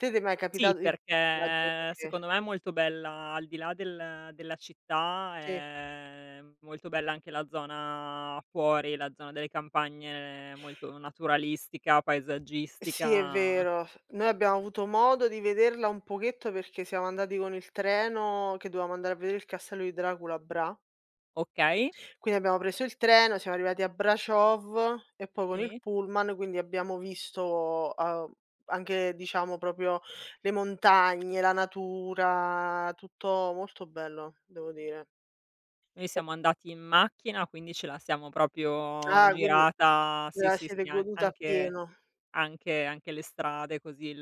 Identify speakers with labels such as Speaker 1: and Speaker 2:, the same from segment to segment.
Speaker 1: Te t'è mai
Speaker 2: Sì,
Speaker 1: capitato di
Speaker 2: perché
Speaker 1: [unintelligible]
Speaker 2: secondo me è molto bella al di là del della città,
Speaker 1: Sì.
Speaker 2: è molto bella anche la zona fuori, la zona delle campagne molto naturalistica,
Speaker 1: Sì, è
Speaker 2: paesaggistica
Speaker 1: vero. Noi abbiamo avuto modo di vederla un pochetto perché siamo andati con il treno che dovevamo andare a vedere il castello di Dracula a Bra
Speaker 2: Okay.
Speaker 1: quindi abbiamo preso il treno, siamo arrivati a Braciov e poi con il
Speaker 2: Si.
Speaker 1: pullman quindi abbiamo visto, uhm, anche, diciamo, proprio le montagne, la natura, tutto molto bello, devo dire.
Speaker 2: Noi
Speaker 1: E
Speaker 2: siamo andati in macchina, quindi ce la siamo proprio
Speaker 1: Ah, quindi
Speaker 2: girata,
Speaker 1: ve
Speaker 2: sì,
Speaker 1: la
Speaker 2: sì,
Speaker 1: siete
Speaker 2: sì, an
Speaker 1: goduta
Speaker 2: anche
Speaker 1: appieno.
Speaker 2: anche anche le strade così il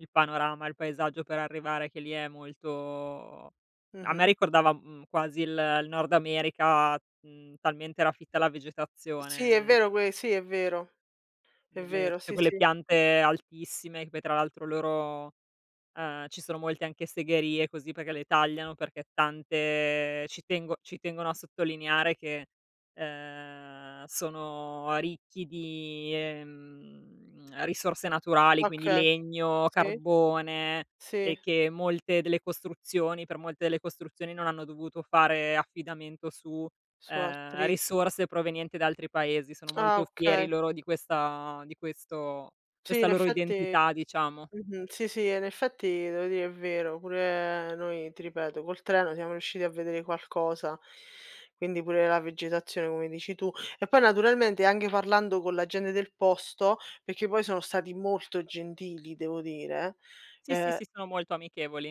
Speaker 2: il panorama, il paesaggio per arrivare che lì è molto a me
Speaker 1: Mh-mh.
Speaker 2: ricordava, mhmm, quasi il il nord America, mhmm, talmente era fitta la
Speaker 1: Sì, è
Speaker 2: vegetazione.
Speaker 1: vero que sì, è vero. È
Speaker 2: G le
Speaker 1: vero,
Speaker 2: tutte
Speaker 1: sì,
Speaker 2: quelle
Speaker 1: sì.
Speaker 2: piante altissime che poi tra l'altro loro ehm, ci sono molte anche segherie così perché le tagliano, perché tante ci tengo ci tengono a sottolineare che, uhm, sono ricchi di, ehm, risorse naturali, quindi
Speaker 1: Okay,
Speaker 2: legno,
Speaker 1: sì,
Speaker 2: carbone e
Speaker 1: sì.
Speaker 2: che molte delle costruzioni per molte delle costruzioni non hanno dovuto fare affidamento su,
Speaker 1: Su
Speaker 2: ehm,
Speaker 1: altri
Speaker 2: risorse provenienti da altri paesi, sono
Speaker 1: Ah
Speaker 2: molto fieri
Speaker 1: okay.
Speaker 2: loro di questa di questo
Speaker 1: Sì,
Speaker 2: questa
Speaker 1: in
Speaker 2: loro
Speaker 1: effetti
Speaker 2: identità diciamo.
Speaker 1: mh-mh, sì, sì, e in effetti devo dire è vero, pure noi, ti ripeto, col treno siamo riusciti a vedere qualcosa, quindi pure la vegetazione come dici tu. E poi naturalmente anche parlando con la gente del posto perché poi sono stati molto gentili devo dire
Speaker 2: Sì, sì,
Speaker 1: ehm
Speaker 2: sì, sono molto amichevoli.